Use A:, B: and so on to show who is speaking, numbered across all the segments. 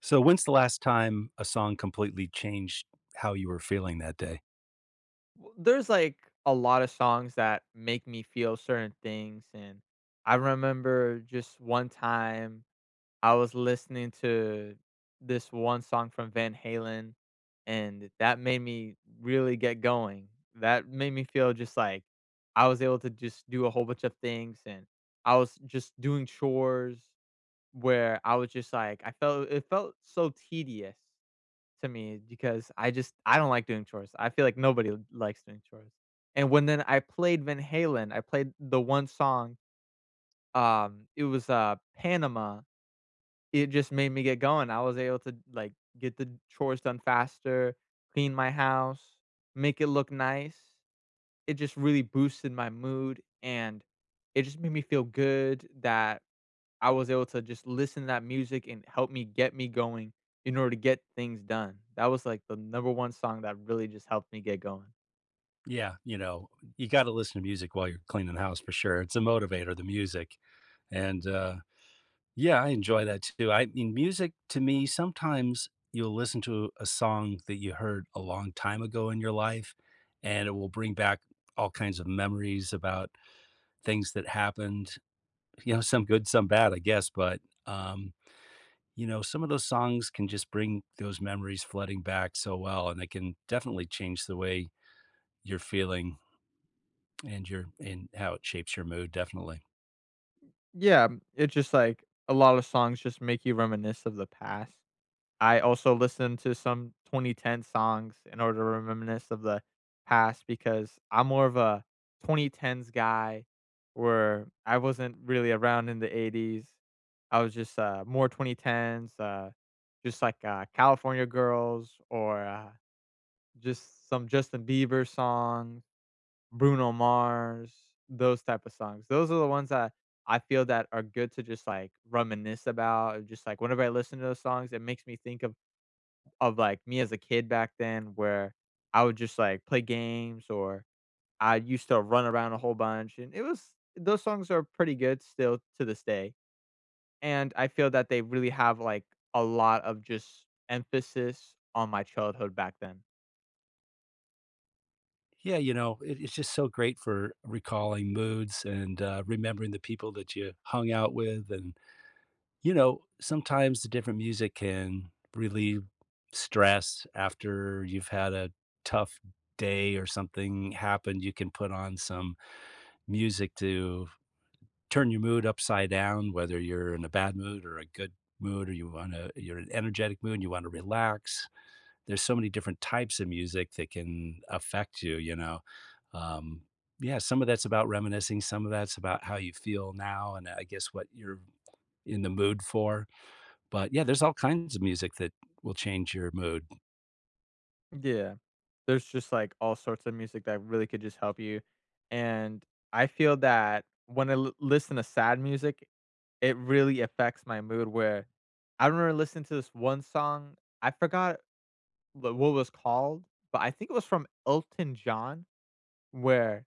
A: So when's the last time a song completely changed how you were feeling that day?
B: W There's, like, a lot of songs that make me feel certain things, and I remember just one time, I was listening to this one song from Van Halen, and that made me really get going. That made me feel just like, I was able to just do a whole bunch of things, and I was just doing chores where I was just like I felt it felt so tedious to me because I just I don't like doing chores. I feel like nobody likes doing chores, and when then I played Van Halen, I played the one song, um, it was, uh, Panama, it just made me get going, I was able to d like, get the chores done faster, clean my house, make it look nice. It just really boosted my mood, and it just made me feel good that I was able to just listen to that music and help me get me going in order to get things done. That was, like, the number 1 song that really just helped me get going.
A: Yeah, you know, you gotta listen to music while you're cleaning the house for sure, it's a motivator, the music. And, uh Yeah, I enjoy that too. I mean, music to me, sometimes you'll listen to a song that you heard a long time ago in your life, and it will bring back all kinds of memories about things that happened. You know, some good, some bad, I guess. But, um, you know, some of those songs can just bring those memories flooding back so well, and they can definitely change the way you're feeling and your and how it shapes your mood, definitely.
B: Yeah, it just like, a lotta songs just make you reminisce of the past. I also listened to some 2010 songs in order to re reminisce of the past because I'm more of a 2010s guy where I wasn't really around in the '80s. I was just, uh, more 2010s, uh, just like, uh, California Girls or, uh, just some Justin Bieber song, Bruno Mars, those type of songs. Those are the ones that I feel that are good to just, like, reminisce about, and just, like, whenever I listen to those songs, it makes me think of of, like, me as a kid back then where I would just, like, play games or I used to run around a whole bunch, and it was those songs are pretty good still to this day, and I feel that they really have, like, a lot of just emphasis on my childhood back then.
A: Yeah, you know, it it's just so great for recalling moods and, uh, remembering the people that you hung out with, and, you know, sometimes the different music can relieve stress after you've had a tough day or something happened, you can put on some music to turn your mood upside down, whether you're in a bad mood or a good mood or you wanna you're in an energetic mood, and you wanna relax. There's so many different types of music that can affect you, you know. Um, yeah, some of that's about reminiscing, some of that's about how you feel now and, uh, I guess, what you're in the mood for. But, yeah, there's all kinds of music that will change your mood.
B: Yeah. There's just, like, all sorts of music that really could just help you, and I feel that when I l listen to sad music, it really affects my mood where I remember listen to this 1 song. I forgot the what was called, but I think it was from Elton John where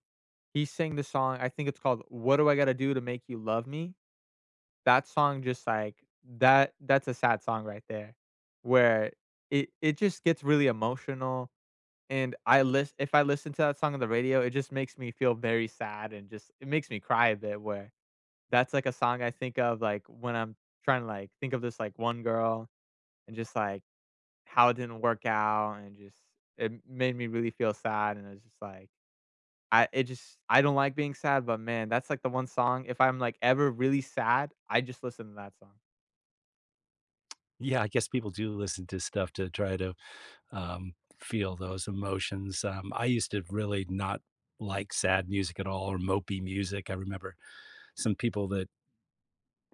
B: he sang the song I think it's called, "What Do I Gotta Do To Make You Love Me?" That song just, like that that's a sad song right there where it it just gets really emotional, and I list if I listen to that song on the radio, it just makes me feel very sad and just it makes me cry a bit where That's, like, a song I think of, like, when I'm tryna, like, think of this, like, 1 girl, and just, like, how it didn't work out, and just it made me really feel sad, and I was just like, I it just I don't like being sad, but, man, that's, like, the 1 song if I'm, like, ever really sad, I just listen to that song.
A: Yeah, I guess people do listen to stuff to try to, um, feel those emotions. Um, I used to really not like sad music at all or mopey music. I remember some people that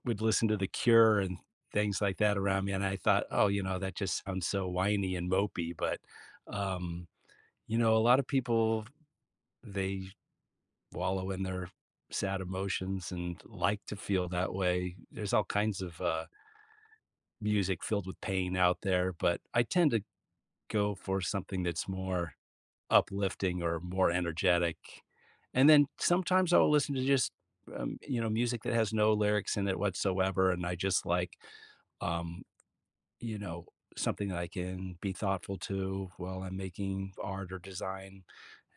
A: would listen to The Cure and things like that around me and I thought, oh, you know, that just sounds so whiny and mopey, but, um, you know, a lot of people, they wallow in their sad emotions and like to feel that way. There's all kinds of, uh music filled with pain out there, but I tend to go for something that's more uplifting or more energetic. And then sometimes I'll listen to just, um, you know, music that has no lyrics in it whatsoever, and I just, like, um, you know, something that I can be thoughtful to while I'm making art or design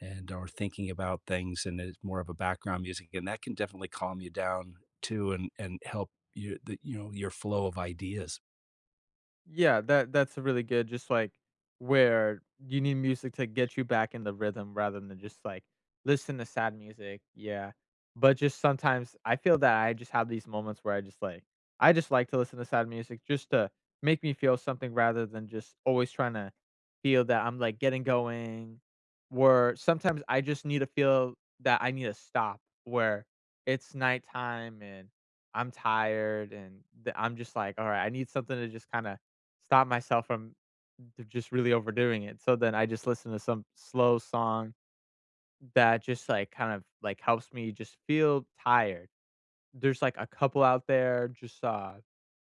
A: and, or thinking about things and it's more of a background music, and that can definitely calm you down too and and help you the you know, your flow of ideas.
B: Yeah, that that's a really good just, like, where you need music to get you back in the rhythm rather than just, like, listen to sad music. Yeah. But just sometimes, I feel that I just have these moments where I just, like I just like to listen to sad music just to make me feel something rather than just always tryna feel that I'm, like, getting going, where sometimes I just need to feel that I need a stop, where it's nighttime and I'm tired and the I'm just like, "Alright. I need something to just kinda stop myself from the just really overdoing it." So, then I just listen to some slow song that just, like, kind of, like, helps me just feel tired. There's, like, a couple out there, just, uh,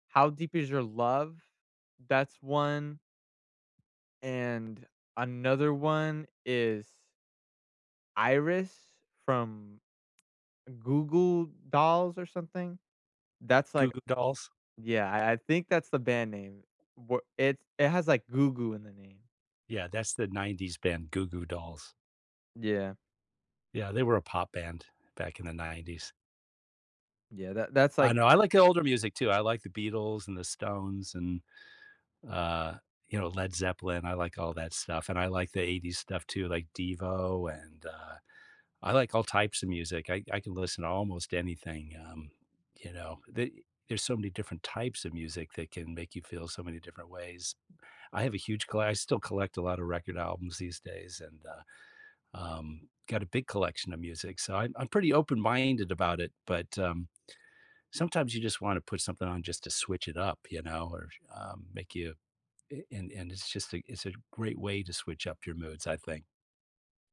B: "How Deep Is Your Love?" That's 1 and another 1 is Iris from Goo Goo Dolls or something. That's,
A: Goo
B: like
A: Goo dolls.
B: Yeah, I I think that's the band name. W it's it has, like, Goo Goo in the name.
A: Yeah. That's the '90s band, Goo Goo Dolls.
B: Yeah.
A: Yeah. They were a pop band back in the '90s.
B: Yeah. That that's
A: I
B: like
A: know. I like the older music too. I like the Beatles and the Stones and, uh, you know, Led Zeppelin. I like all that stuff and I like the '80s stuff too, like Devo, and, uh, I like all types of music. I I can listen to almost anything, um, you know? Th there's so many different types of music that can make you feel so many different ways. I have a huge colle I still collect a lot of record albums these days and, uh, um, got a big collection of music, so I'm I'm pretty open-minded about it. But, um, sometimes you just wanna put something on just to switch it up, you know, or, um, make you a and and it's just a is it a great way to switch up your moods, I think.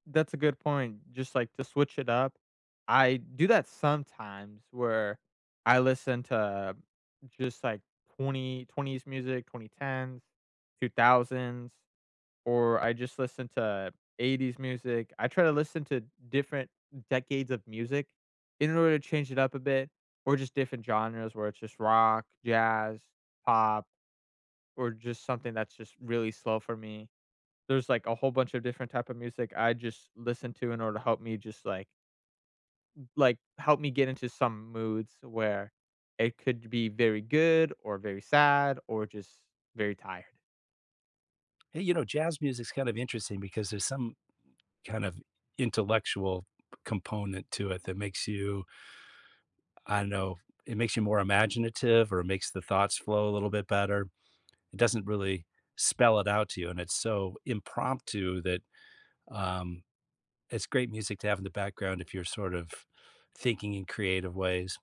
B: That's a good point. Just, like, to switch it up. I do that sometimes where I listen to just, like, 2020s music, 2010s, 2000s or I just listen to '80s music. I try to listen to different decades of music in order to change it up a bit or just different genres where it's just rock, jazz, pop, or just something that's just really slow for me. There's, like, a whole bunch of different type of music I just listen to in order to help me just, like m like, help me get into some moods where it could be be very good or very sad or just very tired.
A: Hey, you know, jazz music is kind of interesting because there's some kind of intellectual component to it that makes you I don't know, it makes you more imaginative or makes the thoughts flow a little bit better. It doesn't really spell it out to you, and it's so impromptu that, um, it's great music to have in the background if you're sort of thinking in creative ways.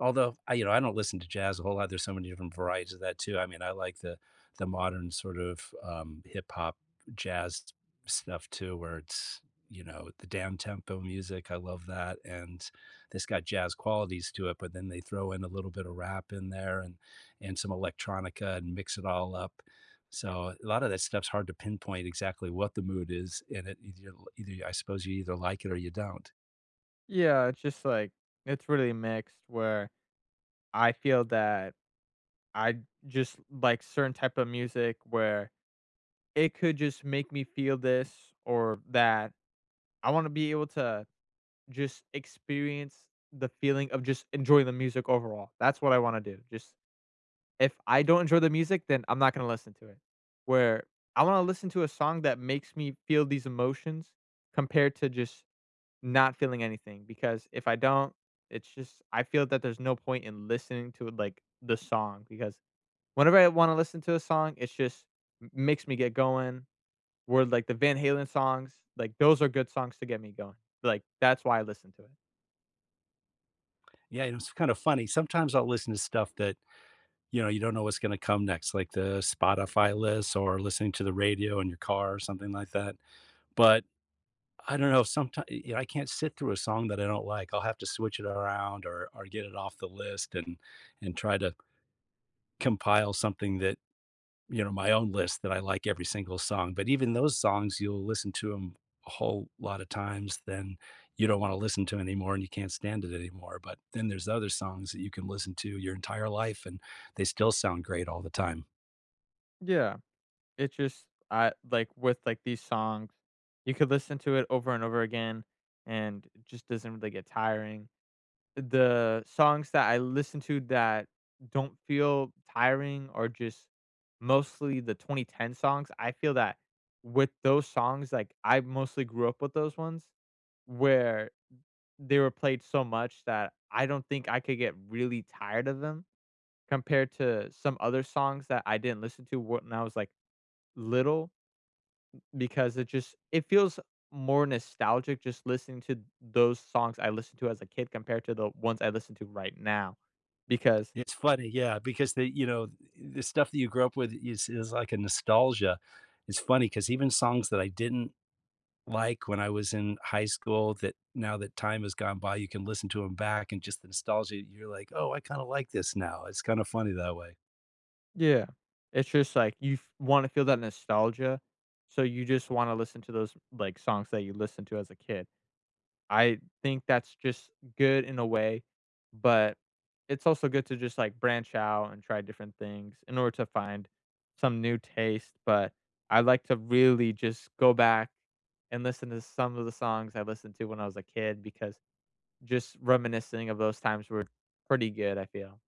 A: Although, I you know, I don't listen to jazz a whole lot, there's so many different varieties of that too, I mean, I like the the modern sort of, um, hip hop jazz stuff too, where it's, you know, the downtempo music, I love that, and this got jazz qualities to it, but then they throw in a little bit of rap in there and and some electronica and mix it all up. So, a lotta that stuff's hard to pinpoint exactly what the mood is, and it either ya either ya I suppose you either like it or you don't.
B: Yeah, it's just like it's really mixed where I feel that I'd just like certain type of music, where it could just make me feel this or that. I wanna be able to just experience the feeling of just enjoy the music overall, that's what I wanna do, just if I don't enjoy the music, then I'm not gonna listen to it. Where I wanna listen to a song that makes me feel these emotions compared to just not feeling anything, because if I don't, it's just I feel that there's no point in listening to it, like, the song, because whenever I wanna listen to a song, it just m makes me get going. Word like the Van Halen songs, like, those are good songs to get me going, like, that's why I listen to it.
A: Yeah. It was kinda funny. Sometimes I'll listen to stuff that, you know, you don't know what's gonna come next, like the Spotify list or listening to the radio in your car or something like that, but I don't know, someti y you know, I can't sit through a song that I don't like, I'll have to switch it around or, or get it off the list and and try to compile something that, you know, my own list that I like every single song, but even those songs, you'll listen to 'em a whole lot of times, then you don't want to listen to anymore and you can't stand it anymore, but then there's other songs that you can listen to your entire life, and they still sound great all the time.
B: Yeah. It just I like, with, like, these songs, you could listen to it over and over again, and it just doesn't really get tiring. The songs that I listen to that don't feel tiring are just mostly the 2010 songs. I feel that with those songs, like, I mostly grew up with those ones where they were played so much that I don't think I could get really tired of them compared to some other songs that I didn't listen to w when I was, like, little, b because it just, it feels more nostalgic just listening to those songs I listened to as a kid compared to the ones I listened to right now because
A: It's funny. Yeah, because the you know, the stuff that you grew up with is is like a nostalgia. It's funny 'cause even songs that I didn't like when I was in high school that now that time has gone by, you can listen to 'em back and just the nostalgia, you're like, "Oh, I kinda like this now." It's kinda funny that way.
B: Yeah. It's just like you f wanna feel that nostalgia, so you just wanna listen to those, like, songs that you listened to as a kid. I think that's just good in a way, but it's also good to just, like, branch out and try different things in order to find some new taste. But I like to really just go back and listen to some of the songs I listened to when I was a kid because just reminiscing of those times were pretty good, I feel.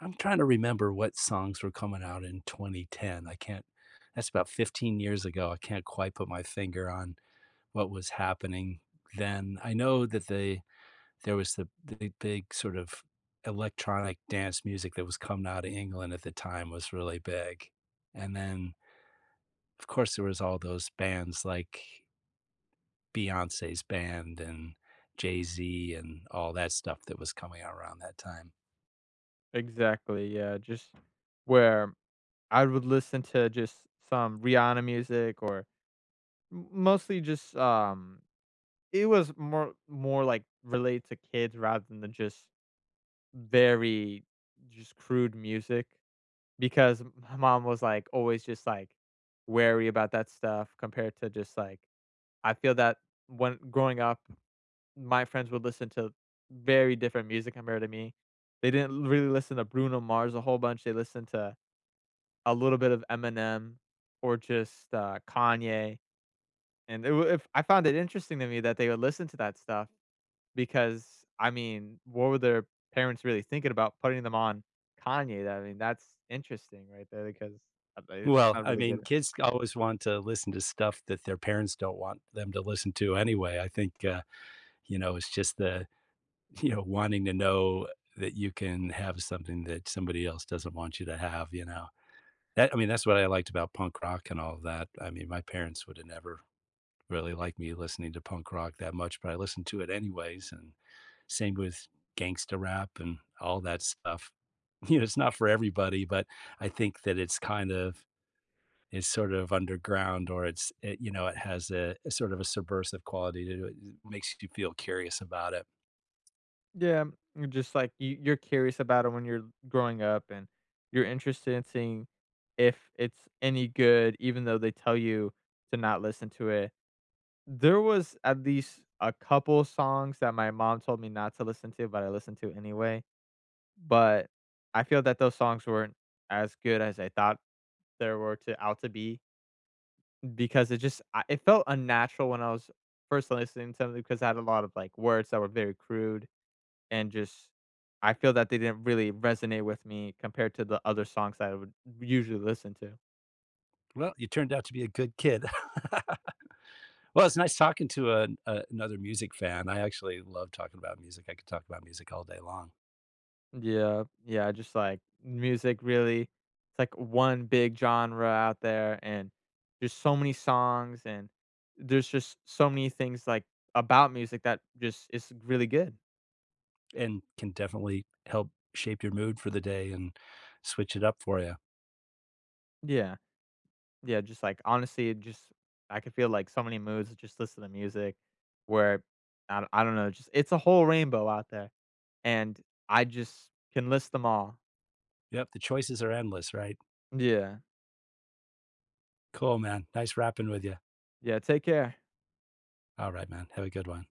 A: I'm trying to remember what songs were coming out in 2010. I can't that's about 15 years ago, I can't quite put my finger on what was happening then. I know that they there was the big big, sort of, electronic dance music that was coming outta England at the time was really big. And then of course, there was all those bands like Beyonce's band and Jay-Z and all that stuff that was coming out around that time.
B: Exactly, yeah, just where I would listen to just some Rihanna music or m mostly just, um, it was more more, like, relate to kids rather than just very just crude music because m mom was, like, always just, like, wary about that stuff compared to just, like I feel that when Growing up, my friends would listen to very different music compared to me. They didn't really listen to Bruno Mars a whole bunch. They listened to a little bit of Eminem or just, uh, Kanye. And they were if I found it interesting to me that they would listen to that stuff, because, I mean, what were their parents really thinking about putting them on Kanye, I mean, that's interesting right there because, uh, they I
A: Well,
B: don't
A: I
B: really get
A: mean,
B: it.
A: kids always want to listen to stuff that their parents don't want them to listen to anyway. I think, uh, you know, it's just the, you know, wanting to know that you can have something that somebody else doesn't want you to have, you know? That I mean, that's what I liked about punk rock and all that. I mean, my parents would've never really liked me listening to punk rock that much, but I listened to it anyways, and same with gangsta rap and all that stuff. You know, it's not for everybody, but I think that it's kind of it's sort of underground or it's, eh, you know, it has a a sort of a subversive quality to it. It makes you do feel curious about it.
B: Yeah. Just like you you're curious about it when you're growing up, and you're interested in seeing if it's any good even though they tell you to not listen to it. There was at least a couple songs that my mom told me not to listen to, but I listened to it anyway, but I feel that those songs weren't as good as I thought they were to out to be because it just a it felt unnatural when I was 1st listening to them 'cause I had a lot of, like, words that were very crude and just I feel that they didn't really resonate with me compared to the other songs that I would usually listen to.
A: Well, you turned out to be a good kid. Well, it's nice talking to an another music fan. I actually love talking about music. I could talk about music all day long.
B: Yeah. Yeah, I just, like Music really it's like one big genre out there, and there's so many songs, and there's just so many things, like, about music that just is really good.
A: And can definitely help shape your mood for the day and switch it up for ya.
B: Yeah. Yeah, just, like honestly, it just I could feel, like, so many moods just listening to music where I do I don't know. It's just it's a whole rainbow out there, and I just can list them all.
A: Yep. The choices are endless, right?
B: Yeah.
A: Cool, man. Nice rapping with you.
B: Yeah, take care.
A: Alright, man, have a good one.